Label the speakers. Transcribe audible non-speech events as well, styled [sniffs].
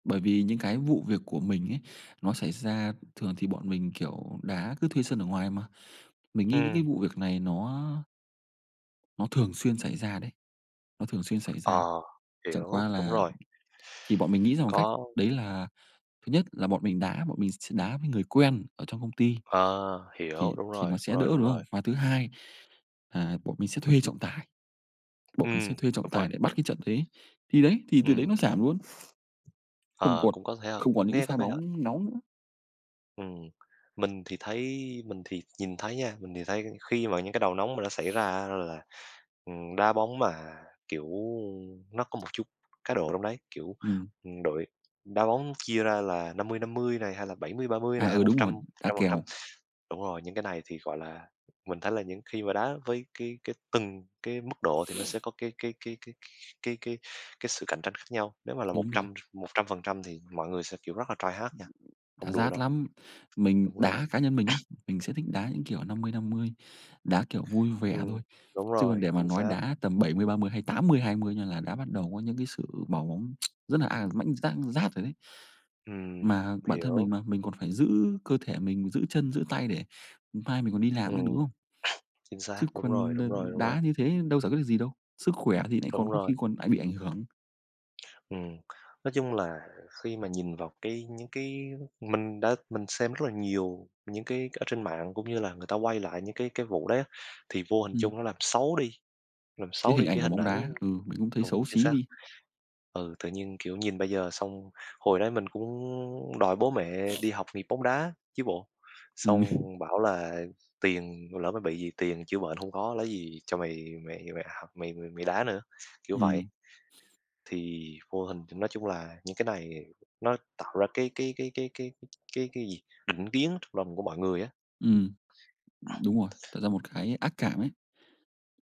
Speaker 1: Bởi vì những cái vụ việc của mình ấy, nó xảy ra thường thì bọn mình, kiểu, đá cứ thuê sân ở ngoài mà. Mình nghĩ những cái
Speaker 2: Ừm.
Speaker 1: vụ việc này nó nó thường xuyên xảy ra đấy, nó thường xuyên xảy ra.
Speaker 2: Ờ,
Speaker 1: Chẳng qua
Speaker 2: hiểu, đúng
Speaker 1: là
Speaker 2: rồi.
Speaker 1: thì bọn mình nghĩ ra một cách
Speaker 2: Có.
Speaker 1: đấy là thứ nhất là bọn mình đá, bọn mình s đá với người quen ở trong công ty.
Speaker 2: Ờ, hiểu,
Speaker 1: Thì
Speaker 2: đúng
Speaker 1: thì
Speaker 2: rồi,
Speaker 1: nó
Speaker 2: đúng
Speaker 1: sẽ đỡ
Speaker 2: rồi, đúng
Speaker 1: đúng
Speaker 2: rồi.
Speaker 1: không? Và thứ hai, à, bọn mình sẽ thuê trọng tài. Bọn mình sẽ
Speaker 2: Ừm,
Speaker 1: thuê trọng
Speaker 2: đúng rồi.
Speaker 1: tài để bắt cái trận đấy. Thì đấy, thì từ đấy
Speaker 2: Ừm.
Speaker 1: nó giảm luôn. [chuckles] Không
Speaker 2: Ờ,
Speaker 1: còn
Speaker 2: cũng có thể ha?
Speaker 1: không còn những cái
Speaker 2: Nghe có
Speaker 1: pha
Speaker 2: vẻ hợp.
Speaker 1: bóng nóng nữa.
Speaker 2: Ừm, mình thì thấy mình thì nhìn thấy nha, mình thì thấy khi mà những cái đầu nóng mà nó xảy ra
Speaker 1: [sniffs]
Speaker 2: á là, ừm, đá bóng mà, kiểu, nó có một chút cá độ trong đấy, kiểu,
Speaker 1: Ừm.
Speaker 2: ừm, đội đá bóng chia ra là 50:50 này, hay là 70:30
Speaker 1: À,
Speaker 2: này, hay
Speaker 1: ừ,
Speaker 2: một
Speaker 1: đúng
Speaker 2: trăm,
Speaker 1: rồi,
Speaker 2: một
Speaker 1: đá
Speaker 2: trăm phần trăm.
Speaker 1: kèo.
Speaker 2: Đúng rồi, những cái này thì gọi là mình thấy là những khi mà đá với cái cái từng cái mức độ thì nó sẽ
Speaker 1: [sniffs]
Speaker 2: có cái cái cái cái cái cái cái sự cạnh tranh khác nhau. Nếu mà là một
Speaker 1: Đúng rồi.
Speaker 2: trăm, 100% thì mọi người sẽ kiểu rất là try hard nha,
Speaker 1: Đá
Speaker 2: không đùa
Speaker 1: rát
Speaker 2: đâu.
Speaker 1: lắm, mình
Speaker 2: Đúng rồi.
Speaker 1: đá cá nhân mình á, mình sẽ thích đá những kiểu
Speaker 2: [sneezes]
Speaker 1: 50:50, đá kiểu vui vẻ
Speaker 2: Ừm,
Speaker 1: thôi,
Speaker 2: đúng
Speaker 1: chứ còn
Speaker 2: rồi,
Speaker 1: để mà
Speaker 2: chính
Speaker 1: nói
Speaker 2: xác.
Speaker 1: đá tầm 70:30 hay 80:20 nha là đã bắt đầu có những cái sự vào bóng [tsk] rất là, à, mãnh rát rát rồi đấy.
Speaker 2: Ừm,
Speaker 1: Mà bản thân mình
Speaker 2: hiểu.
Speaker 1: mà mình còn phải giữ cơ thể mình, giữ chân, giữ tay để, ừm, mai mình còn đi làm nữa, đúng
Speaker 2: Ừm. [sneezes]
Speaker 1: không?
Speaker 2: Chính xác,
Speaker 1: Chứ
Speaker 2: đúng rồi,
Speaker 1: còn,
Speaker 2: đúng
Speaker 1: ờ,
Speaker 2: rồi, đúng rồi.
Speaker 1: đá như thế đâu giải quyết được gì đâu, sức khỏe thì nại còn
Speaker 2: Đúng
Speaker 1: có
Speaker 2: rồi.
Speaker 1: khi còn lại bị ảnh hưởng.
Speaker 2: Ừm, nói chung là khi mà nhìn vào cái những cái mình đã mình xem rất là nhiều những cái ở trên mạng cũng như là người ta quay lại những cái cái vụ đấy. Thì vô hình
Speaker 1: Ừm.
Speaker 2: chung nó làm xấu đi làm
Speaker 1: Cái
Speaker 2: xấu
Speaker 1: hình
Speaker 2: đi
Speaker 1: ảnh
Speaker 2: cái
Speaker 1: của
Speaker 2: hình
Speaker 1: bóng
Speaker 2: ảnh
Speaker 1: đá, ừ, mình cũng thấy
Speaker 2: đúng,
Speaker 1: xấu
Speaker 2: chính
Speaker 1: xí
Speaker 2: xác.
Speaker 1: đi.
Speaker 2: Ừ, tự nhiên, kiểu, nhìn bây giờ xong hồi đấy mình cũng đòi bố mẹ
Speaker 1: [sniffs]
Speaker 2: đi học nghiệp bóng đá chứ bộ. Xong
Speaker 1: Ừm.
Speaker 2: bảo là tiền mà lỡ mà bị gì, tiền chữa bệnh không có, lấy gì cho mày mày mày học mày mày mày đá nữa, kiểu vậy.
Speaker 1: Ừm. [sniffs]
Speaker 2: Thì vô hình nói chung là những cái này nó tạo ra cái cái cái cái cái cái cái cái gì, định kiến trong lòng của mọi người á.
Speaker 1: Ừm, đúng rồi, tạo ra một cái ác cảm ấy.